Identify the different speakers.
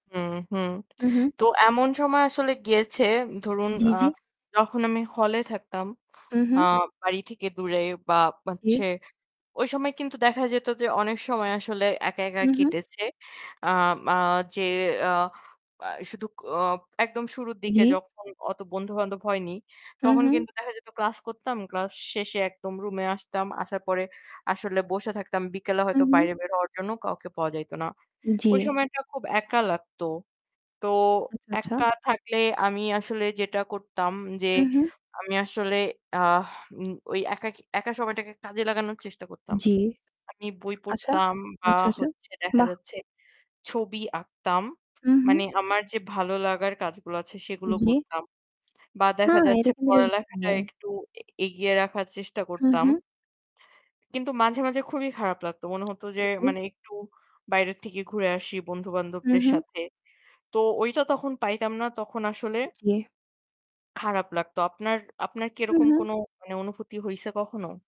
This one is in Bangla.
Speaker 1: হুম, হুম।
Speaker 2: হু, হু
Speaker 1: তো এমন সময় আসলে গিয়েছে ধরুন
Speaker 2: জী,
Speaker 1: আ
Speaker 2: জী।
Speaker 1: যখন আমি হল এ থাকতাম
Speaker 2: হু,
Speaker 1: আ
Speaker 2: হু।
Speaker 1: বাড়ি থেকে দূরে বা
Speaker 2: জী।
Speaker 1: হচ্ছে ওই সময় কিন্তু দেখা যেত যে, অনেক সময় আসলে একা একা
Speaker 2: হু, হু।
Speaker 1: কেটেছে। আ মা যে অ্যাঁ ব্য শুধু ও একদম শুরুর দিকে
Speaker 2: জী।
Speaker 1: যখন অত বন্ধু বান্ধব হয়নি,
Speaker 2: হু,
Speaker 1: তখন
Speaker 2: হু।
Speaker 1: কিন্তু দেখা যেত ক্লাস করতাম, ক্লাস শেষে একদম রুমে আসতাম। আসার পরে আসলে বসে থাকতাম, বিকেলে
Speaker 2: হুম,
Speaker 1: হয়তো
Speaker 2: হুম।
Speaker 1: বাইরে বের হওয়ার জন্য কাউকে পাওয়া যাইত না। ওই
Speaker 2: জি।
Speaker 1: সময়টা খুব একা লাগতো। তো
Speaker 2: আচ্ছা, আচ্ছা।
Speaker 1: একা থাকলে আমি আসলে যেটা করতাম যে,
Speaker 2: হু, হু।
Speaker 1: আমি আসলে আ ওই একাকী একা সময়টাকে কাজে লাগানোর চেষ্টা করতাম।
Speaker 2: জী।
Speaker 1: আমি বই
Speaker 2: আচ্ছা।
Speaker 1: পড়তাম বা
Speaker 2: আচ্ছা, আচ্ছা।
Speaker 1: হচ্ছে দেখা
Speaker 2: বাহ।
Speaker 1: যাচ্ছে ছবি আঁকতাম
Speaker 2: হু, হু।
Speaker 1: মানে আমার যে ভালো লাগার কাজগুলো আছে সেগুলো
Speaker 2: জী।
Speaker 1: করতাম বা দেখা
Speaker 2: হ্যাঁ এটা
Speaker 1: যাচ্ছে
Speaker 2: কিন্তু বেশ। [unintelligible]
Speaker 1: পড়ালেখাটা একটু এ এগিয়ে রাখার চেষ্টা
Speaker 2: হু,
Speaker 1: করতাম।
Speaker 2: হু।
Speaker 1: কিন্তু মাঝে, মাঝে খুবই খারাপ লাগত। মনে হত যে,
Speaker 2: জী, জী।
Speaker 1: মানে একটু বাইরের থেকে ঘুরে আসি
Speaker 2: হু,
Speaker 1: বন্ধু-বান্ধবদের
Speaker 2: হু।
Speaker 1: সাথে। তো ঐটা তখন পাইতাম না তখন আসলে
Speaker 2: জী।
Speaker 1: খারাপ লাগতো। আপনার আপনার কি
Speaker 2: হু,
Speaker 1: এরকম
Speaker 2: হু।
Speaker 1: কোনো মানে অনুভূতি হইছে কখনো?